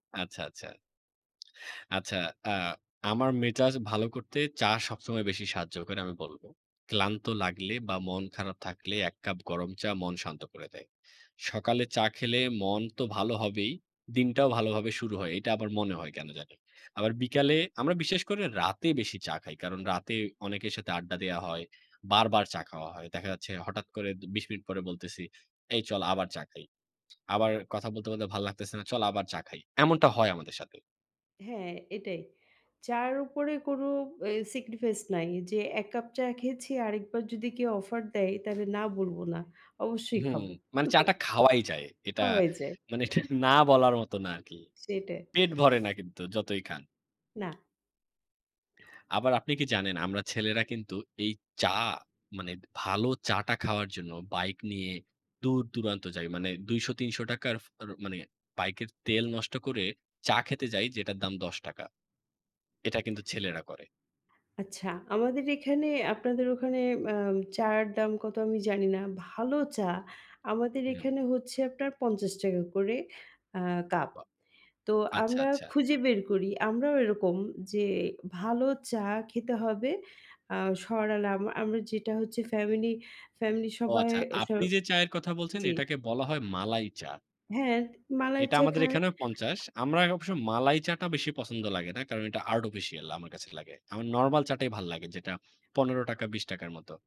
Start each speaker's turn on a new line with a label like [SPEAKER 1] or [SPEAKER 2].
[SPEAKER 1] আচ্ছা, আচ্ছা। আচ্ছা, আ আমার মেজাজ ভালো করতে চা সবসময় বেশি সাহায্য করে আমি বলব। ক্লান্ত লাগলে বা মন খারাপ থাকলে এক কাপ গরম চা মন শান্ত করে দেয়। সকালে চা খেলে মন তো ভালো হবেই, দিনটাও ভালোভাবে শুরু হয়, এটা আবার মনে হয় কেন জানি। আবার বিকালে, আমরা বিশেষ করে রাতে বেশি চা খাই। কারণ রাতে অনেকের সাথে আড্ডা দেয়া হয়, বারবার চা খাওয়া হয়। দেখা যাচ্ছে হঠাৎ করে ২০ মিনিট পরে বলতেছি, "এই চল আবার চা খাই।" আবার কথা বলতে, বলতে, ভালো লাগতেছে না, "চল আবার চা খাই।" এমনটা হয় আমাদের সাথে।
[SPEAKER 2] হ্যাঁ, এটাই। চা'র উপরে কোনো এ sacrifice নাই। যে এক কাপ চা খেয়েছি আরেকবার যদি কেউ offer দেয় তাহলে না বলব না। অবশ্যই
[SPEAKER 1] হুম,
[SPEAKER 2] খাব
[SPEAKER 1] মানে চা টা খাওয়াই যায়। এটা
[SPEAKER 2] খাওয়াই যায়।
[SPEAKER 1] মানে এটা না বলার মতো না আরকি।
[SPEAKER 2] সেটাই।
[SPEAKER 1] পেট ভরে না কিন্তু যতই খান।
[SPEAKER 2] না।
[SPEAKER 1] আবার আপনি কি জানেন আমরা ছেলেরা কিন্তু এই চা মানে ভালো চা টা খাওয়ার জন্য বাইক নিয়ে দূর দূরান্ত যাই। মানে ৳২০০-৩০০ র ফ মানে বাইকের তেল নষ্ট করে চা খেতে যাই যেটার দাম ৳১০ এটা কিন্তু ছেলেরা করে।
[SPEAKER 2] আচ্ছা, আমাদের এখানে আপনাদের ওখানে, আ চা'র দাম কত আমি জানি না। ভালো চা আমাদের
[SPEAKER 1] হুম।
[SPEAKER 2] এখানে হচ্ছে আপনার ৳৫০ করে আ কাপ।
[SPEAKER 1] বাহ!
[SPEAKER 2] তো
[SPEAKER 1] আচ্ছা,
[SPEAKER 2] আমরা
[SPEAKER 1] আচ্ছা।
[SPEAKER 2] খুঁজে বের করি, আমরাও এরকম যে ভালো চা খেতে হবে। আ সরালা আমা আমরা যেটা হচ্ছে family, family,
[SPEAKER 1] ও
[SPEAKER 2] সবাই
[SPEAKER 1] আচ্ছা,
[SPEAKER 2] স
[SPEAKER 1] আপনি যে চায়ের কথা বলছেন
[SPEAKER 2] জি।
[SPEAKER 1] এটাকে বলা হয় মালাই চা।
[SPEAKER 2] হ্যাঁ, মালাই
[SPEAKER 1] এটা
[SPEAKER 2] চা
[SPEAKER 1] আমাদের
[SPEAKER 2] খায়।
[SPEAKER 1] এখানেও ৫০ আমরা আ অবশ্য, মালাই চা টা বেশি পছন্দ লাগে না। কারণ এটা Artificial আমার কাছে লাগে। আমার normal চা টাই ভালো লাগে যেটা ৳১৫, ৳২০ র মতো।